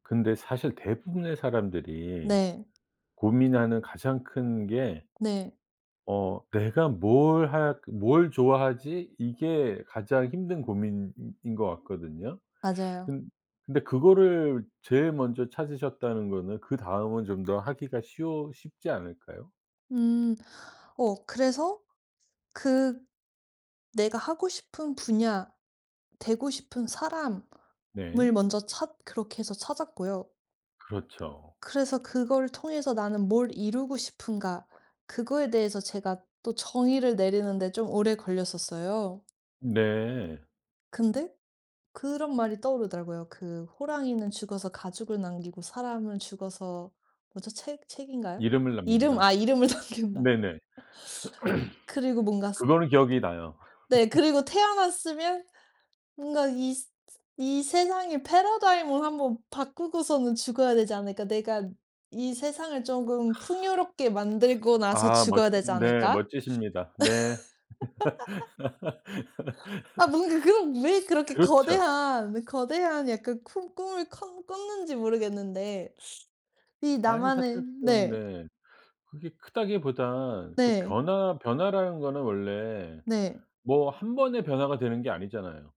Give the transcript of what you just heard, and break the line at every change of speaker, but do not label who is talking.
근데 사실 대부분의 사람들이
네.
고민하는 가장 큰 게
네.
어 '내가 뭘 할 뭘 좋아하지?' 이게 가장 힘든 고민인 것 같거든요.
맞아요.
근 근데 그거를 제일 먼저 찾으셨다는 거는 그다음은 좀 더 하기가 쉬워 쉽지 않을까요?
음. 어 그래서 그 내가 하고 싶은 분야 되고 싶은 사람을
네.
먼저 찾 그렇게 해서 찾았고요.
그렇죠.
그래서 '그걸 통해서 나는 뭘 이루고 싶은가.' 그거에 대해서 제가 또 정의를 내리는데 좀 오래 걸렸었어요.
네.
근데 그런 말이 떠오르더라고요. 그 호랑이는 죽어서 가죽을 남기고 사람은 죽어서 뭐죠? 책 책인가요?
이름을
이름
남긴다.
아 이름을 남긴다.
네네.
그리고 뭔가 스
그거는 기억이 나요. 그거는 기억이 나요.
네. 그리고 '태어났으면 뭔가 이 스 스 이 세상의 패러다임을 한번 바꾸고서는 죽어야 되지 않을까? 내가 이 세상을 쪼금 풍요롭게 만들고 나서
아 멋
죽어야 되지
네.
않을까?'
멋지십니다. 네.
아 뭔가 그런 왜 그렇게
그렇죠.
거대한, 거대한 약간 큰 꿈을 컨 꿨는지 모르겠는데 이
아니
나만의
사실 그건
네.
네. 그게 크다기보다 그
네.
변화 변화라는 거는 원래
네.
뭐 한번에 변화가 되는 게 아니잖아요.